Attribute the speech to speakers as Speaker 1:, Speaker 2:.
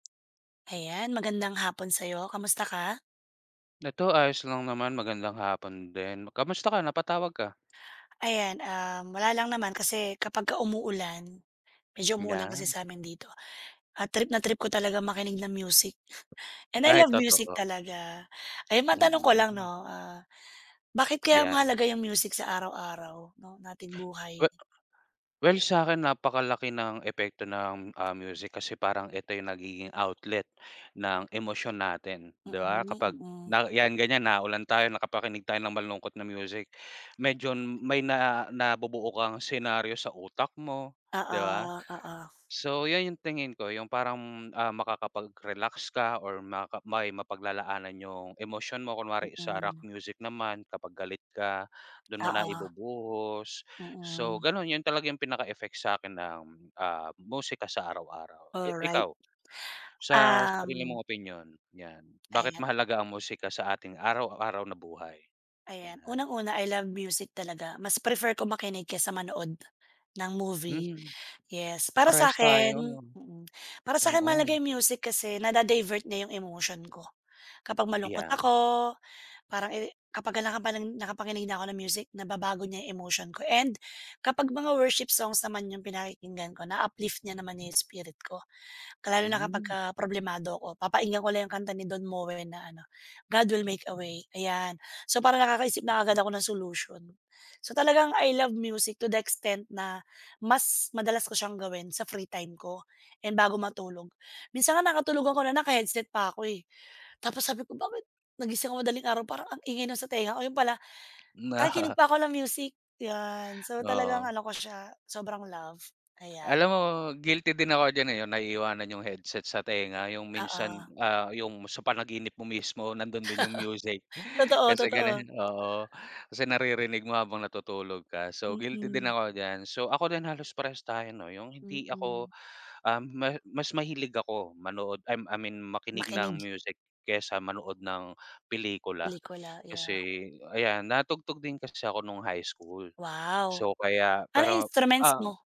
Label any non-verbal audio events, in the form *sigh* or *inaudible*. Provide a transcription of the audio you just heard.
Speaker 1: Ayan, magandang hapon sa'yo, kamusta ka?
Speaker 2: Ito ayos lang naman, magandang hapon din, kamusta ka, napatawag ka?
Speaker 1: Ayan, um, wala lang naman kasi kapagka umuulan, medyo umuulan kasi
Speaker 2: 'Yan.
Speaker 1: sa amin dito, ah, trip na trip ko talaga makinig ng music. And I
Speaker 2: Dahil
Speaker 1: love music
Speaker 2: totoo.
Speaker 1: talaga. Ayan matanong ko
Speaker 2: Mm
Speaker 1: lang
Speaker 2: mm.
Speaker 1: 'no, ah, bakit kaya
Speaker 2: 'Yan.
Speaker 1: mahalaga yung music sa araw-araw 'no nating buhay?
Speaker 2: We well sa'kin napakalaki ng epekto ng, ah, music kasi parang ito yung nagiging outlet ng emosyon natin, 'di ba
Speaker 1: Mm,
Speaker 2: kapag
Speaker 1: mm.
Speaker 2: na 'yan ganiyan naulan tayo nakapakinig tayo ng malungkot na music, medyo may na nabubuo kang senaryo sa utak mo,
Speaker 1: Oo,
Speaker 2: 'di ba?
Speaker 1: oo.
Speaker 2: So 'yan 'yung tingin ko 'yung parang, ah, makakapag-relax ka or makaka may mapaglalaanan 'yung emosyon mo, kunwari sa rock
Speaker 1: Mm.
Speaker 2: music naman kapag galit ka, dun mo na
Speaker 1: Oo.
Speaker 2: ibubuhos. So
Speaker 1: Mm.
Speaker 2: ganun yun talaga yung pinaka-effect sa'kin ng, ah, musika sa araw-araw. Eh,
Speaker 1: Alright.
Speaker 2: ikaw, sa sarili
Speaker 1: Um
Speaker 2: mong opinyon 'yan, bakit
Speaker 1: Ayan.
Speaker 2: mahalaga ang musika sa ating araw-araw na buhay?
Speaker 1: Ayan,
Speaker 2: Yan.
Speaker 1: unang-una, I love music talaga, mas prefer ko makinig kesa manood ng movie,
Speaker 2: Hmm,
Speaker 1: yes. Para
Speaker 2: parehas
Speaker 1: sa'kin
Speaker 2: tayo.
Speaker 1: mm, para sa'kin mahalaga
Speaker 2: Oo.
Speaker 1: 'yung music kasi nada-divert niya 'yung emotion ko kapag malungkot
Speaker 2: Iyan.
Speaker 1: ako, parang eri kapag nakapa nakapakinig na ako ng music nababago niya 'yung emotion ko, and kapag mga worship songs naman 'yung pinakikinggan ko na-uplift niya naman 'yung spirit ko. Lalo na
Speaker 2: Hmm.
Speaker 1: kapagka problemado ako papakinggan ko lang yung kanta ni Don Moen na ano, "God will make a way" ayan. So parang nakakaisip na kaagad ako ng solution. So talagang I love music to the extent na, mas madalas ko siyang gawin sa free time ko and bago matulog. Minsan nga nakatulogan ko na naka-headset pa ako, eh. Tapos sabi ko "Bakit, nagising ako madaling araw parang ang ingay nasa tenga ko." 'Yun pala, nakikinig pa ako ng music yan, so talagang
Speaker 2: Oo.
Speaker 1: ano ko siya sobrang love, ayan.
Speaker 2: Alam mo guilty din ako diyan, eh, 'yung naiiwanan 'yung headset sa tenga 'yung minsan,
Speaker 1: Oo.
Speaker 2: ah, 'yung sa panaginip mo mismo nandun din 'yung music,
Speaker 1: *laughs* Totoo,
Speaker 2: Tas ng ganun
Speaker 1: totoo.
Speaker 2: oo, kasi naririnig mo habang natutulog ka, so guilty din
Speaker 1: Mm.
Speaker 2: ako diyan. So ako din halos prarehas tayo 'no, 'yung hindi ako,
Speaker 1: Mm.
Speaker 2: ah, ma mas mahilig ako manood, ah, I mean makinig ng
Speaker 1: Makinig.
Speaker 2: music kesa manood ng pelikula.
Speaker 1: Pelikula, yeah.
Speaker 2: Kasi ayan natugtog din kasi ako nung high school,
Speaker 1: Wow!
Speaker 2: so kaya
Speaker 1: Anong
Speaker 2: pero,
Speaker 1: instruments
Speaker 2: ah
Speaker 1: mo?